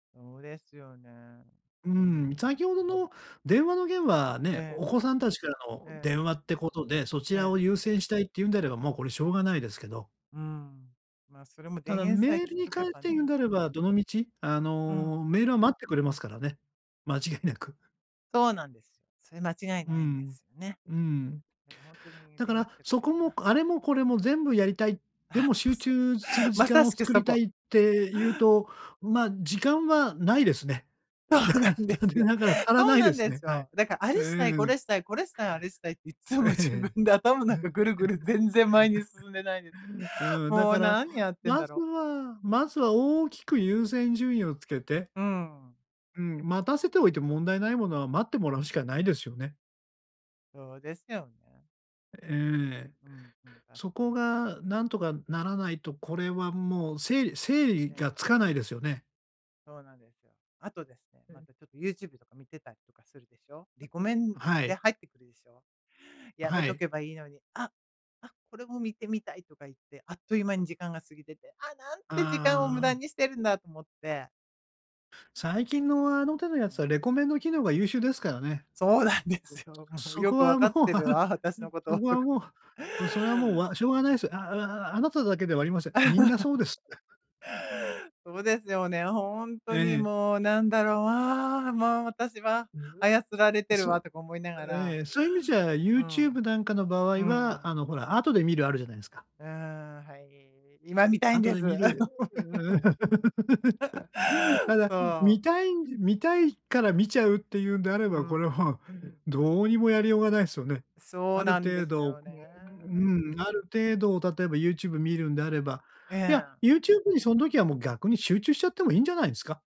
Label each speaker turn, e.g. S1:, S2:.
S1: そうですよね。
S2: うー
S1: う
S2: ん、
S1: ん。
S2: 先ほどの電話の件はね、
S1: え
S2: お
S1: え。
S2: 子さんたちからの
S1: ええ。
S2: 電話ってことで、そち
S1: え
S2: らを
S1: え。
S2: 優先したいっていうんであれば、もうこれしょうがないですけど。
S1: うん。ま、それも
S2: た
S1: 電
S2: だ
S1: 源さえ
S2: メー
S1: 切
S2: ル
S1: っ
S2: に
S1: と
S2: 関
S1: け
S2: し
S1: ば
S2: て言うん
S1: ね。
S2: であれば、どの道、あ
S1: うん。
S2: の、メールを待ってくれますからね、間違いなく。
S1: そうなんです。それ間違い
S2: う
S1: ないんで
S2: ん。
S1: すよね。
S2: うん。
S1: だからほんとに
S2: だか
S1: 電源
S2: ら、
S1: 切っとけ
S2: そ
S1: ばいい
S2: こ
S1: んだ
S2: も
S1: な。
S2: あれもこれも全部やりたい、で
S1: あ、
S2: も
S1: そう
S2: 集
S1: そ
S2: 中す
S1: う。
S2: る時
S1: まさ
S2: 間を
S1: しく
S2: 作
S1: そ
S2: りた
S1: こ。
S2: いっていうと、ま、時間はないですね。
S1: そ
S2: だ
S1: う
S2: か
S1: な
S2: ら
S1: んで
S2: 残
S1: す
S2: 念
S1: よ。
S2: ながら足ら
S1: そ
S2: な
S1: う
S2: い
S1: な
S2: で
S1: ん
S2: す
S1: で
S2: ね。
S1: す
S2: はい。
S1: よ。だから、あ
S2: う
S1: れしたい、こ
S2: ーん。
S1: れしたい、これしたい、あれしたいっていっつも自
S2: ええ。
S1: 分で頭の中ぐるぐる全然前に進んでないですよ。
S2: うん、だ
S1: も
S2: か
S1: う
S2: ら
S1: 何やってん
S2: ま
S1: だ
S2: ず
S1: ろ。
S2: はまずは大きく優先順位をつけて。
S1: うん。
S2: うん、待たせておいても問題ないものは待ってもらうしかないですよね。
S1: そうですよね。
S2: ええ。
S1: うんうん、確
S2: そ
S1: か
S2: こ
S1: に。
S2: が何とかならないと、これはもう整理整理
S1: え
S2: が
S1: え。
S2: つかないですよね。
S1: そうなんですよ。あとですね、
S2: う
S1: ま
S2: ん。
S1: たちょっとユーチューブとか見てたりとかするでしょ。リコメン
S2: ん、は
S1: で
S2: い。
S1: 入ってくるでしょ。
S2: あ、
S1: やめ
S2: は
S1: と
S2: い。
S1: けばいいのに、あ、あ、これも見てみたいとか言って、あっという間に時間が過ぎてて、あ、なんて時間を無駄
S2: ああ。
S1: にしてるんだと思って。
S2: 最近のあの手のや
S1: う
S2: つは
S1: ん。
S2: レコメンド機能が優秀ですからね。
S1: そうなんですよ。もう
S2: そ
S1: よ
S2: こ
S1: くわ
S2: は
S1: か
S2: も
S1: っ
S2: う
S1: て
S2: わ
S1: る
S2: る
S1: わ、私のこと、
S2: そこ
S1: と
S2: は
S1: か
S2: も
S1: 思って。
S2: うそれはもうわしょう
S1: う
S2: がない
S1: ん。
S2: すよ。ああああなただけではありません。みんなそうです。
S1: そうですよね、ほん
S2: え
S1: とに
S2: え。
S1: もう、何だろう、ああ、もう私は 操られてる
S2: そ
S1: わ、
S2: う、
S1: とか思いなが
S2: えええ
S1: ら。
S2: え、そういう意味じゃユ
S1: う
S2: ーチュー
S1: ん。
S2: ブなんかの場合
S1: う
S2: は、
S1: ん。
S2: あのほら、後で見る、あるじゃないんすか。
S1: うーん、はい。今見たいん
S2: 後
S1: で
S2: で
S1: す。
S2: 見る。だた だ、
S1: そ
S2: 見
S1: う。
S2: たい見たいから見ちゃうっていうんであれ
S1: うー
S2: ば、これ、もう、
S1: ん。
S2: どうにもやりようがないっすよね。
S1: そう
S2: ある
S1: なんで
S2: 程
S1: す
S2: 度う
S1: よね。
S2: うん、ある程度を例えばユーチューブ見るんであれば、
S1: え
S2: いや、
S1: え。
S2: ユーチューブにその時はもう逆に集中しちゃってもいいんじゃないですか？